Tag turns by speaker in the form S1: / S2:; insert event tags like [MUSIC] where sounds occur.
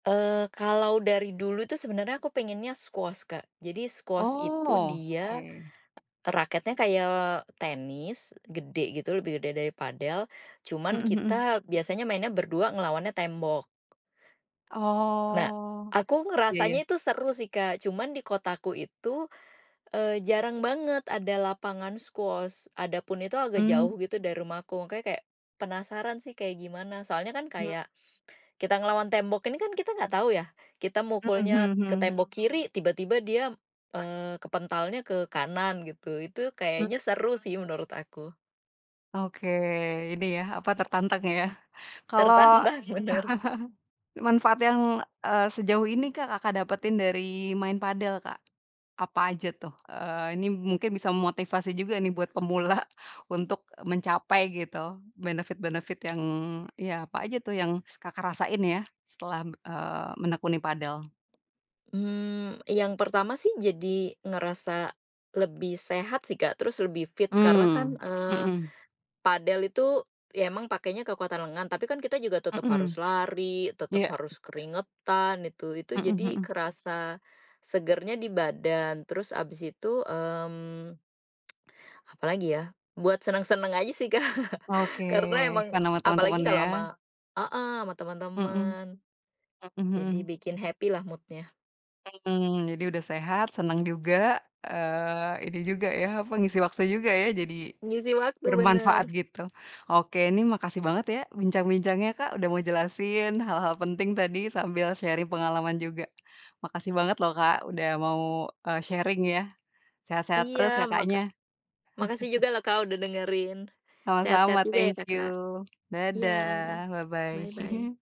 S1: Eee, kalau dari dulu tu sebenernya aku pengennya squash Kak. Jadi squash itu
S2: Oh,
S1: dia
S2: oke.
S1: raketnya kayak tenis gede gitu, lebih gede dari padel, cuman
S2: Mhm mhm.
S1: kita biasanya mainnya berdua ngelawannya tembok. Nah,
S2: Oh,
S1: aku
S2: iya
S1: ngerasanya
S2: iya.
S1: itu seru sih Kak, cuman di kotaku itu, eee, jarang banget ada lapangan squash, adapun itu agak jauh
S2: Mmm.
S1: gitu dari rumahku. Makanya kayak, penasaran sih kayak gimana. Soalnya kan
S2: Hmm.
S1: kayak kita ngelawan tembok ini kan kita enggak tahu ya, kita
S2: Mhm
S1: mukulnya
S2: mhm
S1: ke
S2: mhm.
S1: tembok kiri, tiba-tiba dia, eee, kepentalnya ke kanan gitu. Itu
S2: Hmm.
S1: kayaknya seru sih menurut aku.
S2: Oke, ini yah, apa tertantang yah. Kalo
S1: Tertantang. Bener.
S2: [CHUCKLES] manfaat yang, eee, sejauh ini Kak, Kakak dapetin dari main padel Kak, apa aja tuh? Eee, ini mungkin bisa memotivasi juga nih buat pemula untuk mencapai gitu benefit-benefit yang ya apa aja tuh yang Kakak rasain ya, setelah m eee, menekuni padel?
S1: Mmm, yang pertama sih jadi ngerasa lebih sehat sih Kak, terus lebih fit, karena kan,
S2: Mmm,
S1: eee,
S2: mhm.
S1: padel itu ya emang pakainya kekuatan lengan tapi kan kita juga tetep
S2: Mhm.
S1: harus lari, tetep
S2: Iya.
S1: harus keringetan itu. Itu
S2: Mhm
S1: jadi
S2: mhm.
S1: kerasa segernya di badan, terus abis itu, mmm, [TSK] apalagi ya? Buat senang-senang aja sih Kak,
S2: Wah, oke,
S1: karena emang
S2: fun ama
S1: apalagi
S2: teman-temannya
S1: kalau
S2: ya?
S1: ama heeh, ama
S2: Mhm,
S1: temen-temen.
S2: mhm
S1: Jadi
S2: mhm.
S1: bikin happy lah mood-nya.
S2: Mhm, jadi udah sehat, seneng juga, eee, ini juga yah, apa, ngisi waktu juga ya, jadi
S1: Ngisi waktu,
S2: bermanfaat
S1: bener.
S2: gitu. Oke, ini makasih banget ya bincang-bincangnya Kak, udah mau jelasin hal-hal penting tadi sambil sharing pengalaman juga. Makasih banget loh Kak, udah mau, eee, sharing ya. Sehat-sehat
S1: Iya.
S2: terus
S1: Maka
S2: Kakaknya.
S1: makasih
S2: [CHUCKLES]
S1: juga lah Kak, udah dengerin. Sehat-sehat
S2: Sama-sama,
S1: juga ya
S2: thank
S1: Kakak.
S2: you.
S1: Iya,
S2: Dadah, bye-bye.
S1: bye-bye.
S2: [CHUCKLES]